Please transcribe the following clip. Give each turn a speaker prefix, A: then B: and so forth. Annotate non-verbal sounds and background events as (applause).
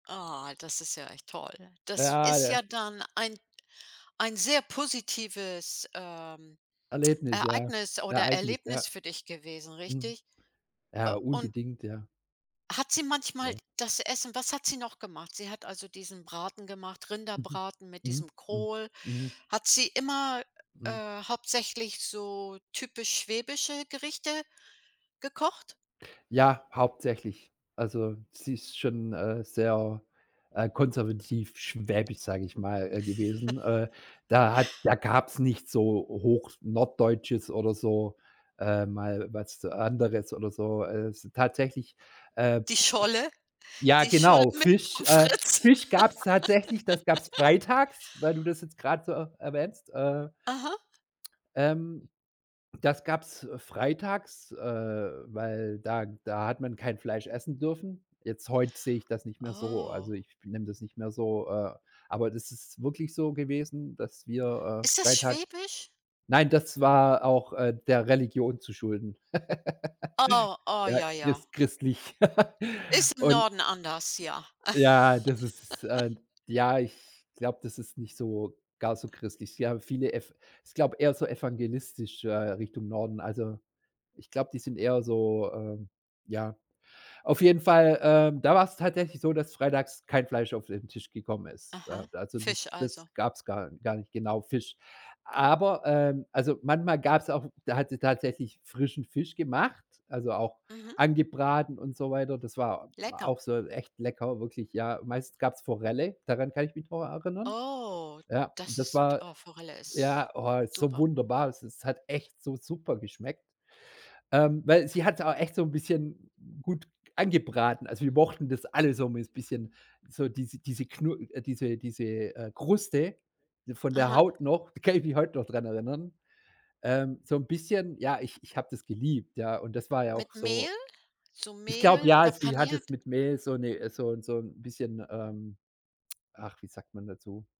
A: Ah, das ist ja echt toll. Das
B: Ja,
A: ist ja
B: ja
A: dann ein ein sehr positives, ähm,
B: Erlebnis, ja,
A: Ereignis oder
B: Ereignis, ja.
A: Erlebnis für dich gewesen,
B: Mhm.
A: richtig? Äh,
B: Ja
A: und
B: unbedingt, ja.
A: hat sie manchmal
B: So
A: das Essen was hat sie noch gemacht? Sie hat also diesen Braten gemacht,
B: Mhm.
A: Rinderbraten mit
B: Mhm.
A: diesem
B: Mhm.
A: Kohl.
B: Mhm.
A: Hat sie immer,
B: Mhm.
A: äh, hauptsächlich so typisch schwäbische Gerichte gekocht?
B: Ja, hauptsächlich. Also sie ist schon, äh, sehr, äh, konservativ, schwäbisch, sage ich mal, gewesen, äh.
A: (giggles)
B: Da hat da gab's nicht so Hoch Norddeutsches oder so ähm, mal was anderes oder so, äh. Tatsächlich, äh,
A: Die Scholle,
B: ja
A: die Scholle
B: genau,
A: mit
B: Fisch
A: vom
B: äh,
A: Fritz.
B: Fisch gab's tatsächlich das gab's
A: (laughs)
B: freitags, weil du das jetzt gerade so er erwähnst, äh
A: Aha.
B: ähm, das gab's freitags, äh, weil da da hat man kein Fleisch essen dürfen. Jetzt, heute sehe ich das nicht mehr so,
A: Oh.
B: also ich be nehme das nicht mehr so, äh, aber das ist wirklich so gewesen, dass wir,
A: Ist
B: äh,
A: das
B: freitags
A: schwäbisch?
B: Nein, das war auch, äh, der Religion zu schulden.
A: Oh,
B: (giggles)
A: oh,
B: Ja,
A: ja, ja.
B: christ christlich (chuckles)
A: Ist im
B: und
A: Norden anders, ja.
B: Ja, das ist äh, ja,
A: (giggles)
B: ich glaube, das ist nicht so gar so christlich. Ja, viele Ev ich glaube eher so evangelistisch äh, Richtung Norden also ich glaube, die sind eher so ähm, ja. Auf jeden Fall, ähm, da war's tatsächlich so, dass freitags kein Fleisch auf den Tisch gekommen ist, äh.
A: Aha,
B: Also das
A: Fisch
B: das
A: also.
B: gab's gar gar nicht genau, Fisch. Aber ähm, also manchmal gab's auch da hat sie tatsächlich frischen Fisch gemacht, also auch
A: Mhm.
B: angebraten und so weiter. Das war
A: Lecker.
B: auch so echt lecker, wirklich, ja. Meistens gab's Forelle, daran kann ich mich noch erinnern.
A: Oh,
B: Ja,
A: das
B: das
A: ist
B: war
A: oh, Forelle ist
B: ja, oh, so
A: super.
B: wunderbar. Es es hat echt so super geschmeckt, ähm, weil sie hat's auch echt so'n bisschen gut angebraten. Also wir mochten das alle so mit bisschen so diese diese Knu äh, diese diese, äh, Kruste von der
A: Aha.
B: Haut noch, da kann ich mich heute noch daran erinnern, ähm, so 'n bisschen ja, ich ich habe das geliebt, ja, und das war ja auch
A: Mit Mehl?
B: so
A: So
B: Ich glaube
A: Mehl
B: ja,
A: oder
B: sie hat das
A: paniert?
B: mit Mehl so ne so 'n so 'n bisschen ähm, ach, wie sagt man dazu?